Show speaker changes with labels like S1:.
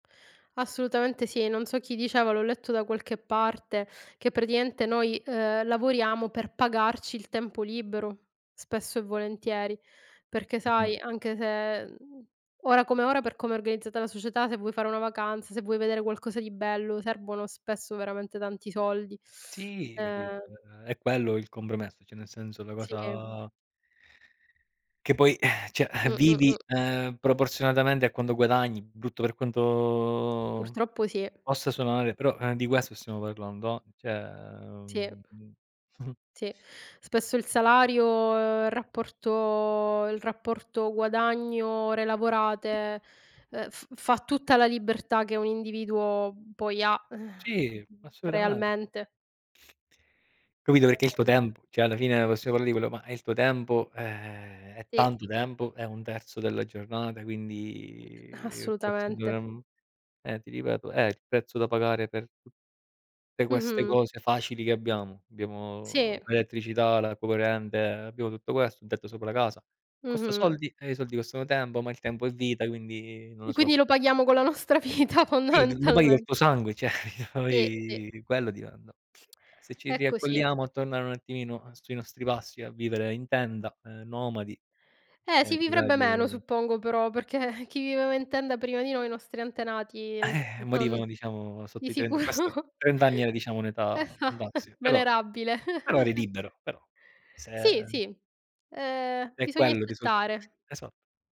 S1: Assolutamente sì. Non so chi diceva, l'ho letto da qualche parte, che, praticamente, noi, ehm, lavoriamo per pagarci il tempo libero, spesso e volentieri. Perché,
S2: Mh-mh.
S1: sai, anche se, mhmm, ora come ora, per come è organizzata la società, se vuoi fare una vacanza, se vuoi vedere qualcosa di bello, servono, spesso, veramente tanti soldi,
S2: Sì, capito?
S1: ehm
S2: Uhm, è quello il compromesso, cioè nel senso la
S1: Sì.
S2: cosa che poi, eh, cioè, eh,
S1: Mh-mh,
S2: vivi,
S1: mh.
S2: ehm, proporzionalmente a quanto guadagni, brutto per quanto
S1: Purtroppo sì.
S2: possa suonare, però eh, di questo stiamo parlando. Cioè,
S1: Sì.
S2: uhm
S1: Sì. Spesso il salario il rapporto il rapporto guadagno ore lavorate, uhm, f fa tutta la libertà che un individuo poi ha, ehm,
S2: Sì, assolutamen
S1: realmente.
S2: capito, perché è il tuo
S1: Ehm
S2: tempo, cioè, alla fine, possiamo parlare di quello, ma è il tuo tempo, eh, è
S1: Sì.
S2: tanto tempo, è 1/3 della giornata. Quindi, forse,
S1: Assolutamente.
S2: dovremmo eh, ti ripeto: è il prezzo da pagare per tu te queste
S1: Mh-mh.
S2: cose facili che abbiamo.
S1: Sì.
S2: Abbiamo l'elettricità, la corrente, abbiamo tutto questo, un tetto sopra la casa. Costa
S1: Mh-mh.
S2: soldi e i soldi costano tempo, ma il tempo è vita, quindi non
S1: E
S2: lo so.
S1: quindi lo paghiamo con la nostra vita,
S2: Sì, lo paghi col
S1: fondamentalmente.
S2: tuo sangue, cioè, io
S1: Sì, sì.
S2: poi, quello diranno. Eh, se ci
S1: È così.
S2: riaccolliamo a tornare un attimino, eh, sui nostri passi, a vivere in tenda, ehm, nomadi,
S1: Eh,
S2: e
S1: si vivrebbe meno
S2: [unintelligible]
S1: suppongo però, perché chi viveva in tenda prima di noi, i nostri antenati
S2: Eh,
S1: non
S2: morivano, diciamo,
S1: di
S2: sotto i 30 questo
S1: sicuro
S2: 30 anni era, diciamo,
S1: E
S2: un'età
S1: fa
S2: fantastica. Però
S1: venerabile.
S2: però eri libero, però
S1: Sì,
S2: se
S1: sì, ehm,
S2: è
S1: bisogna
S2: quello il risultato.
S1: accettare.
S2: Esatto.